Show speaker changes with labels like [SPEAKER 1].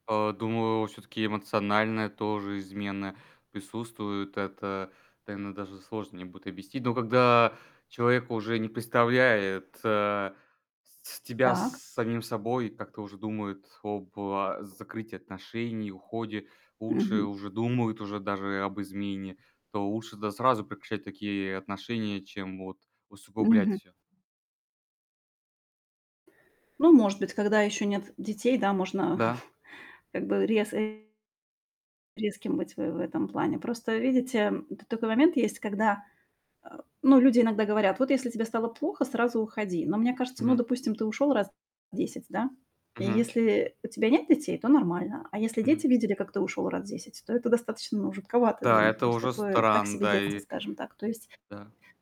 [SPEAKER 1] А, думаю, всё-таки эмоциональная тоже измена присутствует. Это, наверно, даже сложно мне будет объяснить. Но когда человек уже не представляет, э, с тебя с
[SPEAKER 2] Так.
[SPEAKER 1] самим собой, как-то уже думает об а закрытии отношений, уходе, лучше
[SPEAKER 2] Мгм.
[SPEAKER 1] уже думают, уже даже и об измене. То лучше тогда сразу прекращать такие отношения, чем вот усугублять
[SPEAKER 2] Мгм.
[SPEAKER 1] всё.
[SPEAKER 2] Ну, может быть, когда ещё нет детей, да, можно
[SPEAKER 1] Да.
[SPEAKER 2] как бы, рез э резким быть в э в этом плане. Просто, видите, м, тут такой момент есть, когда, а, ну, люди иногда говорят: "Вот, если тебе стало плохо, сразу уходи". Но мне кажется ну,
[SPEAKER 1] Мгм.
[SPEAKER 2] допустим, ты ушёл раз 10, да? И
[SPEAKER 1] Мгм.
[SPEAKER 2] если у тебя нет детей, то нормально. А если дети
[SPEAKER 1] Мгм.
[SPEAKER 2] видели, как ты ушёл раз 10, то это достаточно, ну, жутковато для
[SPEAKER 1] Да,
[SPEAKER 2] них,
[SPEAKER 1] это
[SPEAKER 2] то есть
[SPEAKER 1] уже
[SPEAKER 2] такое так
[SPEAKER 1] стран
[SPEAKER 2] себе
[SPEAKER 1] да,
[SPEAKER 2] детство,
[SPEAKER 1] и
[SPEAKER 2] скажем так. То есть
[SPEAKER 1] Да.